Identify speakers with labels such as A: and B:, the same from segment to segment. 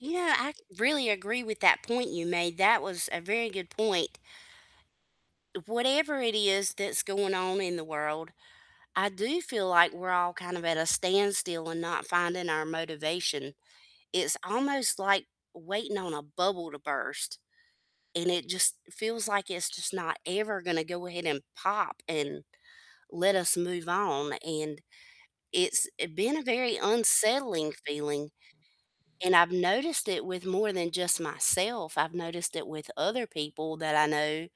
A: Yeah, ac really agree with that point you made, that was a very good point. Whatever it is that's going on in the world, I do feel like we're all kind of at a standstill, and not finding our motivation, it's almost like waiting on a bubble to burst, and it just feels like it's just not ever gonna go ahead and pop, and let us move on, and it's it been a very unsettling feeling, and I've noticed it with more than just myself, I've noticed it with other people that I know,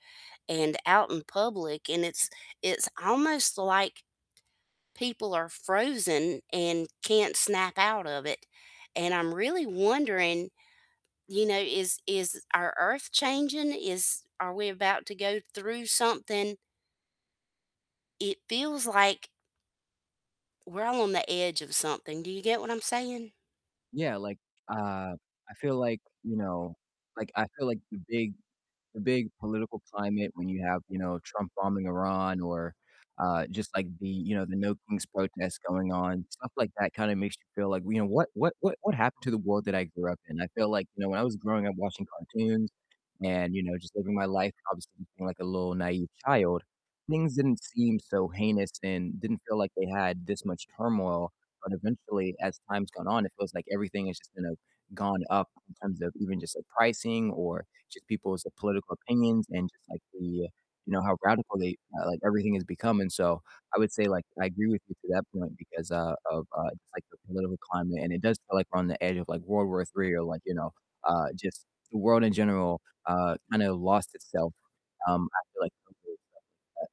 A: and out in public, and it's it's almost like people are frozen, and can't snap out of it, and I'm really wondering, you know, is is our earth changing, is are we about to go through something? It feels like we're all on the edge of something. Do you get what I'm saying?
B: Yeah, like uh, I feel like, you know like, I feel like the big the big political climate when you have, you know, Trump bombing Iran, or, uh, just, like, the you know, the No Kings protest going on, stuff like that kinda makes you feel like, you know, "What what what what happened to the world that I grew up in?" I feel like, you know, when I was growing up watching cartoons, and, you know, just living my life, obviously being, like, a little naive child, things didn't seem so heinous, and didn't feel like they had this much turmoil, but eventually, as time's gone on, it feels like everything has just kinda gone up in terms of even just, like, pricing, or just people's political opinions, and just like the you know, how radical they uh, like everything is becoming so I would say, like, I agree with you to that point, because, uh, of, uh, just, like, the political climate, and it does feel like we're on the edge of, like, World War III, or, like, you know, uh, just the world in general, uh, kinda lost itself, um, after, like, [unintelligible]